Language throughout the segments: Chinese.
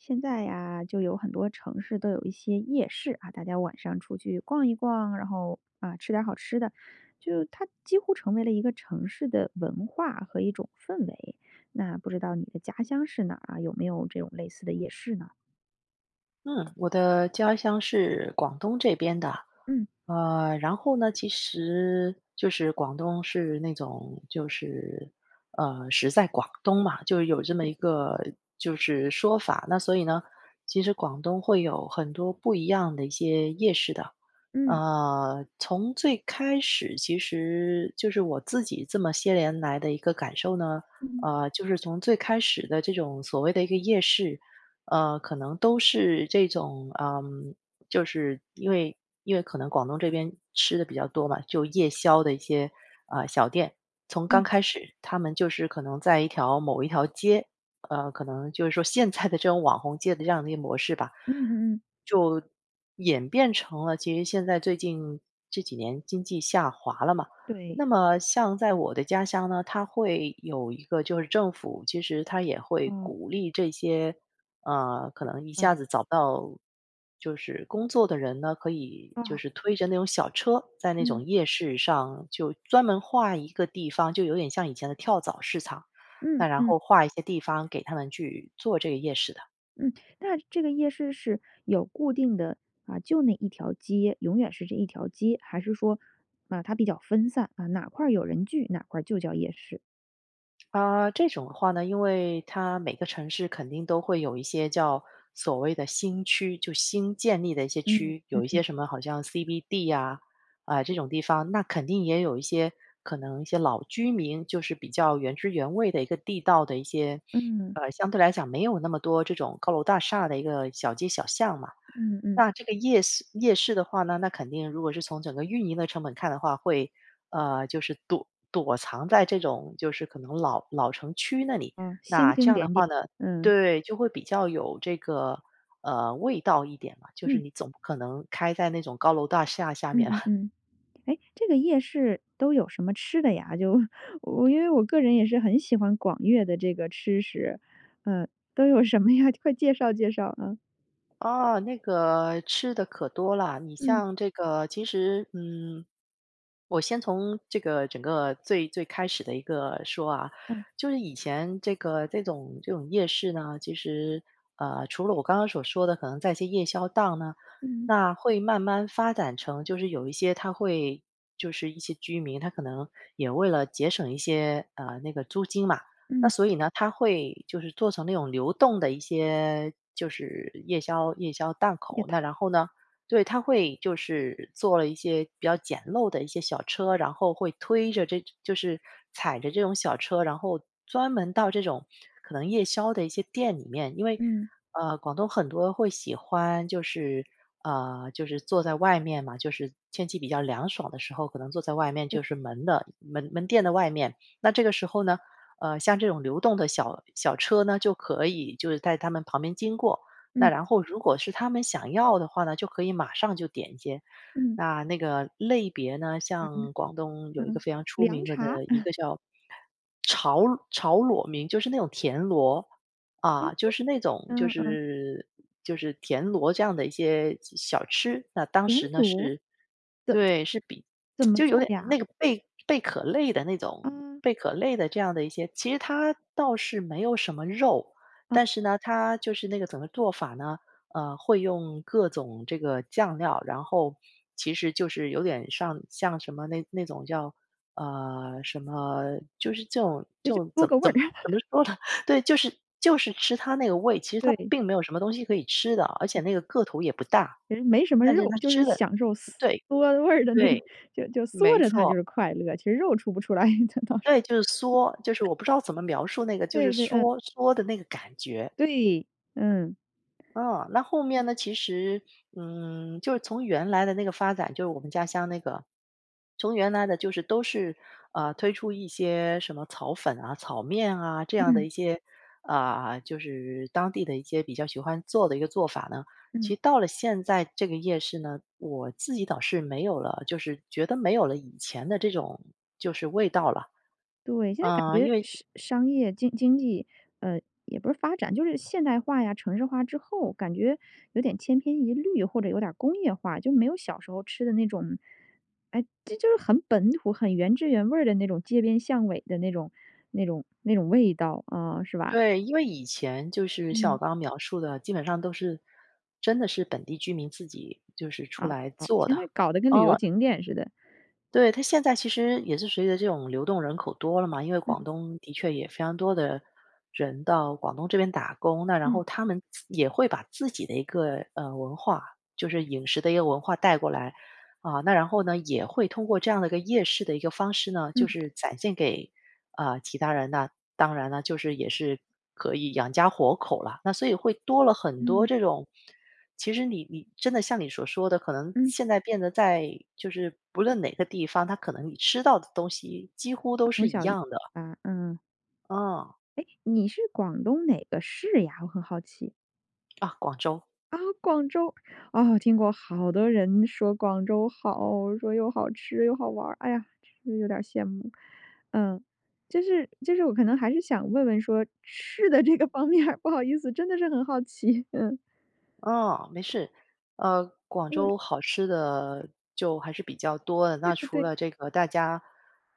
现在呀，就有很多城市都有一些夜市。啊，大家晚上出去逛一逛，然后，嗯，吃点儿好吃的。就它几乎成为了一个城市的文化和一种氛围。那不知道你的家乡是哪儿啊？有没有这种类似的夜市呢？嗯，我的家乡是广东这边的。嗯。呃，然后呢，其实就是广东是那种就是，呃，食在广东嘛，就有这么对。一个就是说法。那所以呢，其实广东会有很多不一样的一些夜市的。嗯。呃，从最开始其实就是我自己这么些年来的一个感受呢，嗯。呃，就是从最开始的这种所谓的一个夜市，呃，可能都是这种嗯，就是，因为因为可能广东这边吃的比较多嘛，就夜宵的一些，呃，小店。从嗯。刚开始，它们就是可能在一条某一条街，呃，可能就是说现在的这种网红街的这样的一个模式吧，嗯嗯嗯。就演变成了其实现在最近这几年经济下滑了嘛，对。那么像在我的家乡呢，它会有一个就是政府，其实它也会啊。鼓励这些，嗯，可能一嗯。下子找不到就是工作的人呢，可以就啊。是推着那种小车，在那嗯。种夜市上就专门划一个地方，就有点像以前的跳蚤市场。嗯那然嗯。后划一些地方给他们去做这个夜市的。嗯，那这个夜市是有固定的，啊，就那一条街，永远是这一条街。还是说，啊，它比较分散，啊，哪块儿有人聚，哪块儿就叫夜市。呃，这种的话呢，因为它每个城市肯定都会有一些叫所谓的新区，就新建立的一些嗯。区。有一嗯。些什么好像 CBD 呀，呃，这种地方，那肯定也有一些可能一些老居民就是比较原汁原味的一个地道的一些嗯。呃，相对来讲没有那么多这种高楼大厦的一个小街小巷嘛。嗯，嗯。那这个夜市夜市的话呢，那肯定如果是从整个运营的成本看的话，会呃，就是躲躲藏在这种就是可能老老城区那里。啊，星那这星样的点点，话呢嗯。对，就会比较有这个呃，味道一点吧，就是嗯。你总不可能开在那种高楼大厦下嗯面。嗯 嗯。诶，这个夜市都有什么吃的呀？就我因为我个人也是很喜欢广粤的这个吃食，呃，都有什么呀？快介绍介绍，啊。哦，那个吃的可多了。你嗯。像这个其实嗯，我先从这个整个最最开始的一个说啊，嗯。就是以前这个这种这种夜市呢，其实，呃，除了我刚刚所说的，可能在一些夜宵档呢嗯。那会慢慢发展成就是有一些它会就是一些居民，他可能也为了节省一些，呃，那个租金嘛。那嗯。所以呢，他会就是做成那种流动的一些就是夜宵夜宵档也口，那太然后呢对，他会就是做了一些比较简陋的一些小车儿，然后会推着这就是踩着这种小车儿，然后专门到这种可能夜宵的一些店里面。因为，嗯。呃，广东很多会喜欢，就是呃，就是坐在外面嘛就是天气比较凉爽的时候，可能坐在外面，对。就是门的门门店的外面。那这个时候呢，呃，像这种流动的小小车儿呢，就可以就是在他们旁边经过。那嗯。然后如果是他们想要的话呢，就可以马上就点一些，嗯。那那个类别呢哎，像广东有一个嗯，非常出凉名的茶，一嗯。个叫炒炒裸名，就是那种田螺。嗯，啊，就是那种就嗯。嗯，嗯。是就是田螺这样的一些小吃。那当田时呢螺，是怎怎对，是比怎 么就有做点呀？那个贝贝壳类的那种啊。贝壳类的这样的一些其实它倒是没有什么肉，啊。但是呢，它就是那个怎么做法呢，呃，会用各种这个酱料，然后其实就是有点上像什么那那种叫，呃，什么就是这种哎就就嗦怎么个味怎儿。么怎 么说呢，对，就是就是吃它那个味，其实它对。并没有什么东西可以吃的，而且对。那个个头也不大，其实没什么但是肉，它就是吃的享受嗦对。嗦味儿的那个对，就就嗦没着它就错。是快乐，其实肉出不出来，这倒是对，就是嗦，就是 我不知道怎么描述那个就是对，对，嗯。嗦嗦的那个感觉。对，嗯。嗯，那后面呢，其实嗯，就是从原来的那个发展就是我们家乡那个从原来的就是都是，呃，推出一些什么炒粉啊，炒面啊，这样的嗯。一些呃，就是当地的一些比较喜欢做的一个做法呢。嗯。其到了现在这个夜市呢，我自己倒是没有了，就是觉得没有了以前的这种就是味道了。对，现在感呃，因觉为商商业经经济，呃，也不是发展，就是现代化呀，城市化之后，感觉有点千篇一律或者有点儿工业化。就没有小时候吃的那种诶，这就是很本土，很原汁原味儿的那种街边巷尾的那种那种那种味道，啊，是吧？对，因为以前就是像我嗯。刚刚描述的，基本上都是真的是本地居民自己就是出啊，来哦，做现的。在搞得跟旅游哦。景点似的。对，它现在其实也是随着这种流动人口多了嘛，因为广嗯。东的确也非常多的人到广东这边打工，那然嗯。后他们自也会把自己的一个，呃，文化就是饮食的一个文化带过来。啊，那然后呢，也会通过这样的一个夜市的一个方式呢，就嗯。是展现给，呃，其他人。那当然了，就是也是可以养家糊口了。那所以会多了很多嗯。这种其实你你真的像你所说的，可能嗯。现在变得在就是不论哪个地方，它可能你吃到的东西几乎都它是从一小一样的。啊，嗯。嗯。诶？你是广东哪个市呀？我很好奇。啊，广州。啊！广州。哦，听过。好多人说广州好，说又好吃又好玩儿。哎呀，其实有点羡慕。嗯，就是就是我可能还是想问问说吃的这个方面儿，不好意思，真的是很好奇。嗯。嗯，没事。呃，广嗯州好吃的就还是比较多的，对那对除对。了这个大家，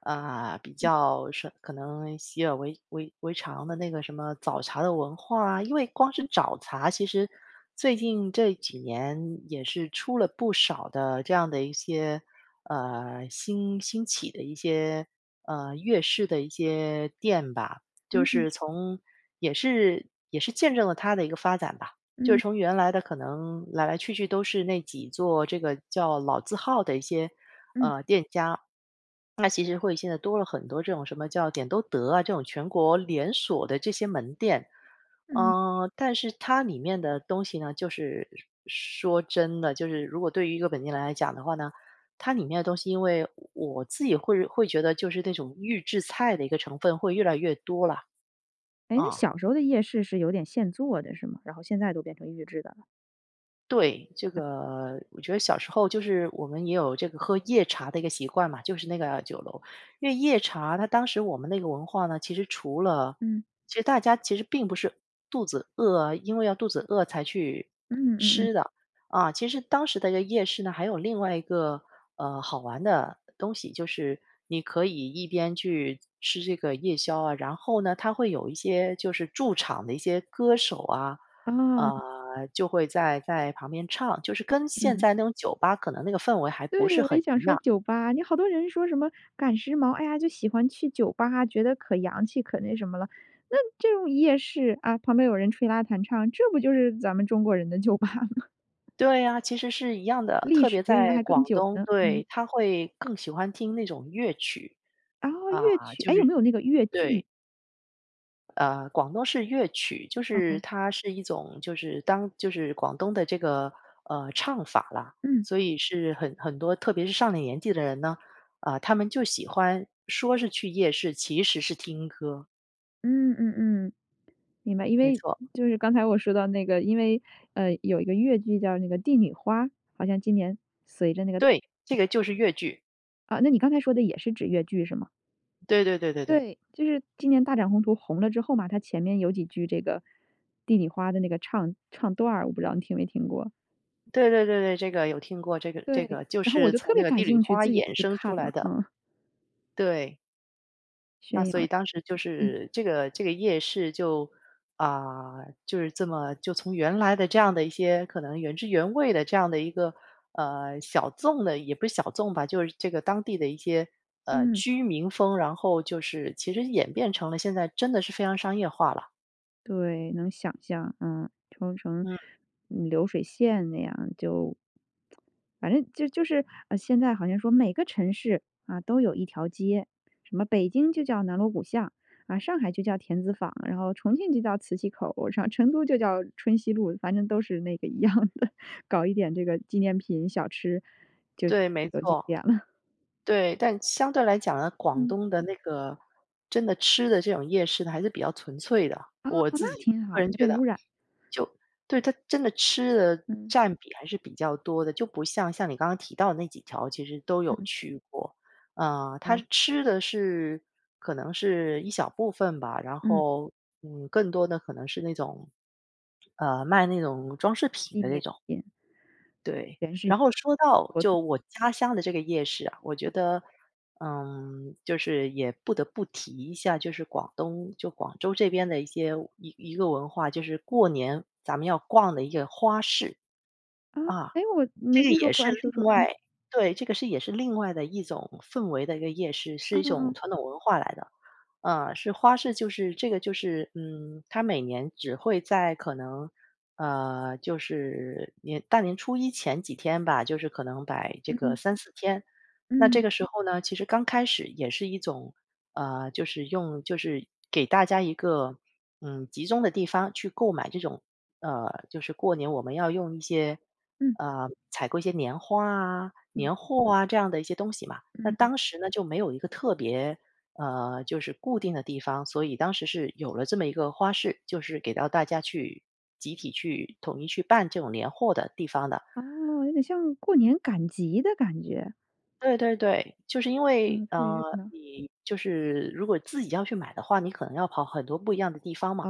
嗯，比嗯。较，什可能习以为-为为常的那个什么早茶的文化啊。因为光是嗯。早茶，其实最近这几年也是出了不少的这样的一些，呃，兴兴起的一些，嗯，粤式的一些店吧。就嗯嗯。是从也是也是见证了它的一个发展吧。就是嗯。从原来的可能来来去去都是那几座，这个叫老字号的一些，嗯。呃，店家。那其实会，现在多了很多这种什么叫，点都德啊，这种全国连锁的这些门店。嗯。嗯，但是它里面的东西呢，就是，说说真的，就是如果对于一个本地人来讲的话呢，它里面的东西因为我自己会会觉得就是那种预制菜的一个成分会越来越多了。诶，那嗯。小时候的夜市是有点现做的是吗？然后现在都变成预制的了。对，这个我觉得小时候就是我们也有这个喝夜茶的一个习惯嘛，就是那个酒楼。因为夜茶它当时我们那个文化呢，其实除了嗯。其实大家其实并不是肚子饿啊因为要肚子饿才去嗯嗯嗯。吃的，啊，其实当时的夜市呢，还有另外一个，呃，好玩的东西，就是你可以一边去吃这个夜宵啊，然后呢，它会有一些就是驻场的一些歌手啊，啊。呃，就会在在旁边唱。就是跟现嗯。在那种酒吧，可能那个氛围还不是对，我很也想一说样。酒吧，你好多人说什么赶时髦，哎呀，就喜欢去酒吧，觉得可洋气，可那什么了。那这种夜市，啊，旁边有人吹拉弹唱，这不就是咱们中国人的酒吧吗？对呀，其实是一样的，历特史别渊源在还更广久东。呢，对，嗯。它会更喜欢听那种粤曲，哦，啊，粤曲，就诶，有是没有那个粤对。剧？呃，广东是粤曲，就是嗯。它是一种就是当就是广东的这个，呃，唱法啦，嗯。所以是很很多特别是上了年纪的人呢，呃，他们就喜欢说是去夜市，其实是听歌。嗯嗯嗯，明白。因没为，错。就是刚才我说到那个，因为，呃，有一个粤剧叫那个《帝女花》，好像今年随着那个对，这个就是粤剧。啊，那你刚才说的也是指粤剧是吗？对对对对对。对，就是今年《大展宏图》红了之后嘛，它前面有几句这个《帝女花》的那个唱唱段儿，我不知道你听没听过？对对对对，这个有听过，这个这对，个就然后我是就特从那别个感《帝女兴趣，花》自己也衍去生看出来了，的。嗯。对。那宣所以扬当时，就嗯。是，这个这个夜市就啊，就是这么，就从原来的这样的一些，可能原汁原味的这样的一个，呃，小众的也不是小众吧，就是这个当地的一些，呃，嗯。居民风，然后就是，其实演变成了现在真的是非常商业化啦。对，能想象，嗯，就成嗯。流水线那样儿，就 反正就就是现在好像说每个城市，啊，都有一条街，什么北京就叫“南锣鼓巷”，啊上海就叫“田子坊”，然后重庆就叫“磁器口”，成都就叫“春熙路”。反正都是那个一样的，搞一点这个纪念品、小吃，就对，没有景错。点了。对，但相对来讲呢，广嗯。东的那个，真的吃的这种夜市呢还是比较纯粹的，哦，我自那己挺好，个人没觉被得。污染。就对，它真的吃的嗯。占比还是比较多的，就不像像你刚刚提到的那几条，其实都有嗯。去过。啊，它哦。吃的是，可能是一小部分吧，然嗯。后，嗯，更多的可能是那种，呃，卖那种装饰品一的那年种。前。对，全是然后说到，活动。就我家乡的这个夜市啊，我觉得，嗯，就是也不得不提一下，就是广东就广州这边的一些，一一个文化，就是过年，咱们要逛的一个花市。啊，啊，诶，我这没个听说也过，是诶说另说。外对，这个是也是另外的一种氛围的一个夜市，是嗯一种嗯。传统文化来的。啊，是花市，就是这个就是，嗯，它每年只会在可能呃，就是年大年初一前几天吧，就是可能摆这个嗯。3、4天。那这嗯。个时候呢，其实刚开始也是一种，呃，就是用就是给大家一个，嗯，集中的地方去购买这种，呃，就是过年我们要用一些嗯。呃，采购一些年画啊，嗯。年货啊、这样的一些东西嘛。那嗯。当时呢，就没有一个特别，呃，就是固定的地方，所以当时是有了这么一个花市，就是给到大家去，集体去统一去办这种年货的地方的。哦，有点像，过年赶集的感觉。对，对，对。就是因为嗯，特别呃，热闹。你就是如果自己要去买的话，你可能要跑很多不一样的地方嘛。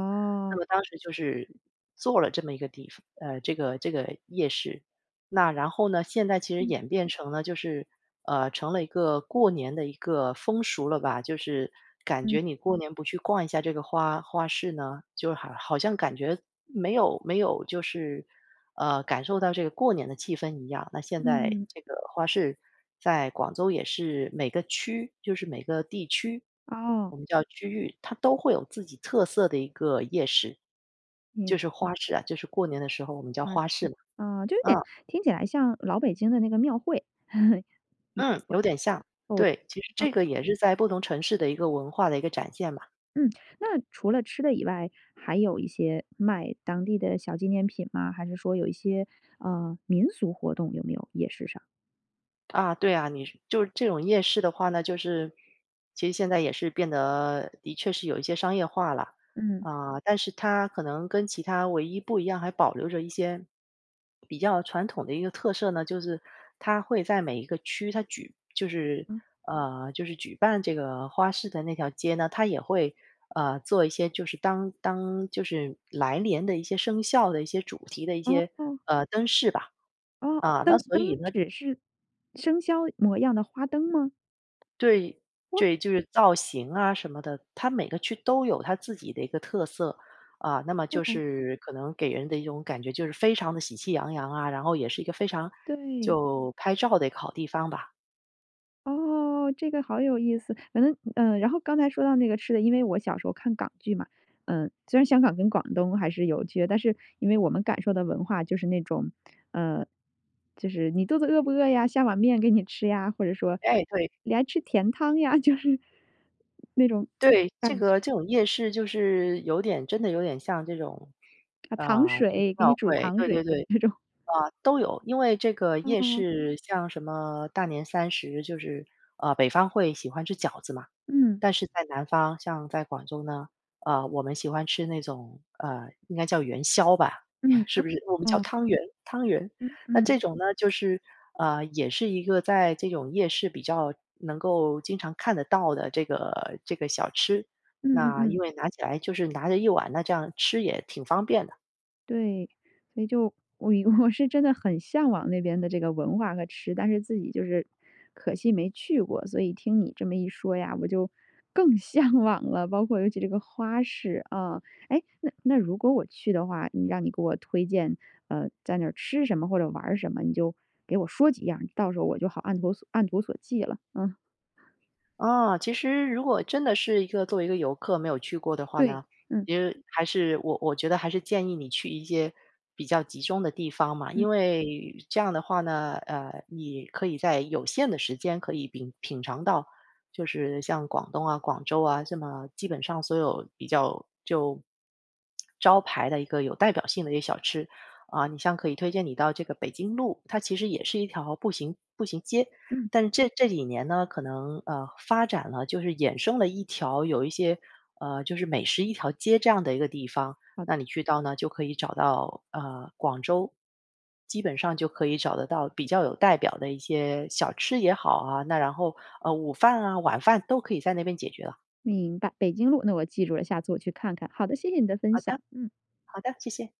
那么当时就是做了这么一个地方呃，这个这个夜市，那然后呢，现在其实嗯。演变成了就是呃，成了一个过年的一个风俗了吧。就是感嗯。觉你嗯。过年不去逛一下这个花花市呢，就好好像感觉没有没有就是，呃，感受到这个过年的气氛一样。那现在嗯。这个花市在广州也是每个区就是每个地区，哦。我们叫区域，它都会有自己特色的一个夜市，明就是花市啊，就是过年的时候我们叫啊。花市嘛。啊，就有点嗯。听起来像老北京的那个庙会。嗯，有点像。哦。对，其实啊。这个也是在不同城市的一个文化的一个展现嘛。嗯，那除了吃的以外，还有一些卖当地的小纪念品吗？还是说有一些呃，民俗活动有没有？夜市上。啊，对啊。你就是这种夜市的话呢，就是其实现在也是变得的确是有一些商业化了。嗯。啊，但是它可能跟其它唯一不一样还保留着一些比较传统的一个特色呢，就是它会在每一个区，它举就是嗯。呃，就是举办这个花市的那条街呢，它也会，呃，做一些就是当当就是来年的一些生肖的一些主题的一些，哦。呃，灯饰吧。哦。啊，那灯所灯以呢指是生肖模样的花灯吗？对，哇。对，就是造型啊什么的。它每个区都有它自己的一个特色。啊，那么就哦。是可能给人的一种感觉，就是非常的喜气洋洋啊，然后也是一个非常对。就拍照的一个好地方吧。哦，这个好有意思。反正嗯，然后刚才说到那个吃的，因为我小时候看港剧嘛，呃虽然香港跟广东还是有区别，但是因为我们感受的文化就是那种，呃，就是：“你肚子饿不饿呀？下碗面给你吃呀！”。或者说：哎，对。“你还吃甜汤呀”，就是那种对。这感觉。个这种夜市就是有点真的有点像这种，啊，“糖呃，就是水，给你庙煮会。糖对水”对的对。那种。嗯，都有。因为这个夜嗯。市像什么大年三十，就是，呃，北方会喜欢吃饺子嘛。嗯。但是在南方，像在广州呢，呃，我们喜欢吃那种，呃，应该叫元宵吧？嗯，是哦，不是？我们叫嗯。汤圆汤圆。嗯，那这嗯。种呢，就是，呃，也是一个在这种夜市比较能够经常看得到的这个这个小吃。嗯嗯那嗯。因为拿起来就是拿着一碗，那这样吃也挺方便的。对，所以就，我我是真的很向往那边的这个文化和吃，但是自己就是可惜没去过。所以听你这么一说呀，我就更向往了。包括尤其这个花市，啊。哎，那那如果我去的话，你让你给我推荐，呃，在那吃什么或者玩儿什么，你就给我说几样儿，到时候我就好按图按图索骥了，嗯。啊，其实如果真的是一个作为一个游客没有去过的话对，呢，嗯。其实还是，我我觉得还是建议你去一些比较集中的地方嘛。嗯。因为这样的话呢，呃，你可以在有限的时间可以品品尝到，就是像广东啊、广州啊，这么基本上所有比较就 招牌的一个有代表性的一些小吃。嗯，你像可以推荐你到这个北京路，它其实也是一条步行步行街。嗯。但这这几年呢，可能，呃，发展了，就是衍生了一条有一些，呃，就是美食一条街这样的一个地方。好那你去到呢，就可以找到，呃，广州基本上就可以找得到比较有代表的一些小吃也好啊，那然后，呃，午饭啊晚饭都可以在那边解决了。明白。北京路，那我记住了，下次我去看看。好的，谢谢你的分好的，享，嗯。好的，谢谢。